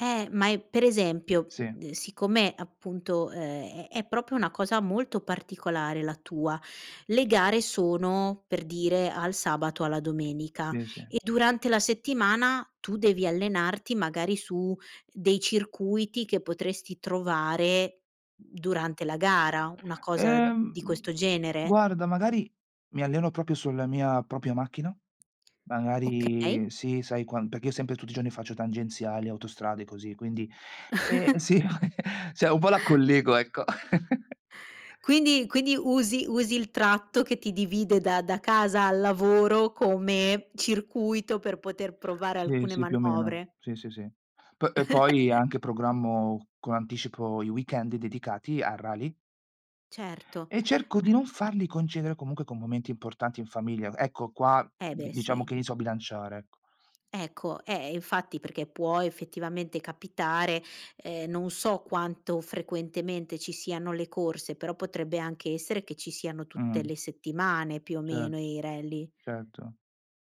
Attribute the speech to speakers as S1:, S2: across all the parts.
S1: Eh, ma è per esempio,
S2: Sì.
S1: uhm, siccome appunto, ehm, è è proprio una cosa molto particolare la tua, le gare sono, per dire, al sabato alla domenica,
S2: Sì, sì.
S1: e durante la settimana tu devi allenarti magari su dei circuiti che potresti trovare durante la gara, una cosa di
S2: Ehm,
S1: questo genere?
S2: guarda, magari mi alleno proprio sulla mia propria macchina,
S1: Okay
S2: magari sì, sai, quan perché io sempre tutti i giorni faccio tangenziali, autostrade così, quindi, eh sì Cioè, un po' la collego, ecco.
S1: Quindi quindi usi usi il tratto che ti divide da da casa al lavoro come, circuito per poter provare
S2: Sì,
S1: alcune
S2: sì, più o meno.
S1: manovre?
S2: Sì, sì, sì. Po poi anche programmo con anticipo i weekend dedicati a rally
S1: Certo,
S2: e cerco di
S1: ma
S2: non farli coincidere comunque con momenti importanti in famiglia. Ecco, qua
S1: Eh,
S2: di
S1: beh
S2: diciamo
S1: sì.
S2: che li so bilanciare, ecco.
S1: Ecco, eh, infatti perché può effettivamente capitare, ehm, non so quanto frequentemente ci siano le corse, però potrebbe anche essere che ci siano tutte
S2: Mh-mh.
S1: le settimane più o meno
S2: Cert
S1: i rally.
S2: certo.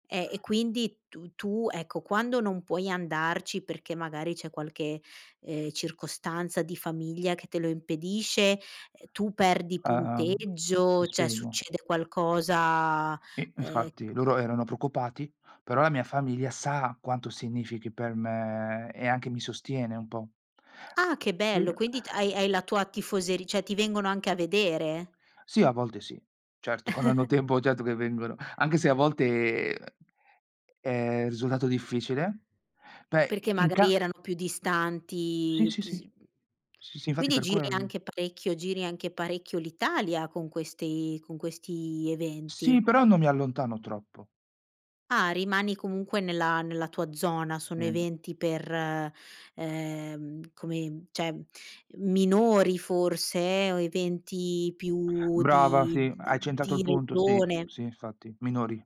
S1: Eh, e quindi tu tu, ecco, quando non puoi andarci perché magari c'è qualche, ehm, circostanza di famiglia che te lo impedisce, ehm, tu perdi
S2: Ah-ah. Mh, ti
S1: punteggio, cioè,
S2: spiego.
S1: succede qualcosa,
S2: I
S1: ehm
S2: infatti loro erano preoccupati, però la mia famiglia sa quanto significhi per me e anche mi sostiene un po'.
S1: Ah, che
S2: Sì,
S1: bello quindi t
S2: a
S1: hai hai la tua tifoseri cioè, ti vengono anche a vedere.
S2: Sì, a volte sì. Certo, quando hanno tempo, certo che vengono, anche se a volte, è risultato difficile, beh, i
S1: Perché
S2: in ca
S1: magari erano più
S2: Sì,
S1: distanti,
S2: sì,
S1: p s
S2: sì.
S1: mhmm,
S2: Sì, sì infatti
S1: quindi
S2: per
S1: giri
S2: quello.
S1: anche parecchio giri anche parecchio l'Italia con questi con questi
S2: Sì,
S1: eventi.
S2: però non mi allontano troppo.
S1: Ah, rimani comunque nella nella tua zona,
S2: Sì
S1: sono
S2: n
S1: eventi per ehm, come cioè, minori forse o eventi più
S2: Brava,
S1: di
S2: sì,
S1: d
S2: hai centrato
S1: di
S2: il punto, sì.
S1: regione.
S2: Sì infatti, minori,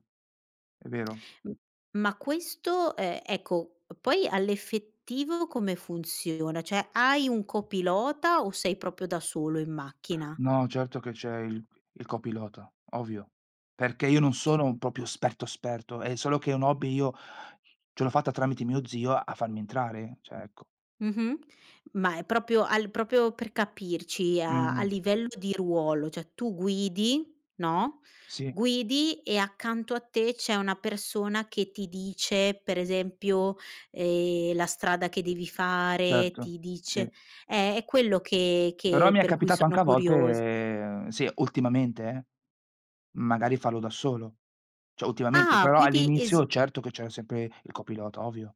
S2: è vero.
S1: M ma questo, ehm, ecco, poi all'effettivo come funziona? Cioè, hai un copilota o sei proprio da solo in macchina?
S2: No, certo che c'è il il copilota, ovvio. Perché, io non
S1: Eh
S2: sono proprio esperto esperto, è solo che è un hobby, io ce l'ho fatta tramite mio zio a farmi entrare, cioè, ecco.
S1: Mh-mh. Ma è proprio al proprio per capirci a a
S2: Mh-mh.
S1: livello di ruolo, cioè, tu guidi, no,
S2: Sì.
S1: guidi e accanto a te c'è una persona che ti dice per esempio, ehm, la strada che devi fare,
S2: Certo,
S1: ti
S2: sì.
S1: dice eh, è quello che
S2: Però
S1: che
S2: mi è
S1: per cui
S2: capitato
S1: sono
S2: anche a
S1: curiosa.
S2: volte sì, ultimamente, eh, magari farlo da solo. Cioè, ultimamente,
S1: Ah,
S2: però
S1: quindi
S2: all'inizio,
S1: esi
S2: certo che c'era sempre il copilota, ovvio.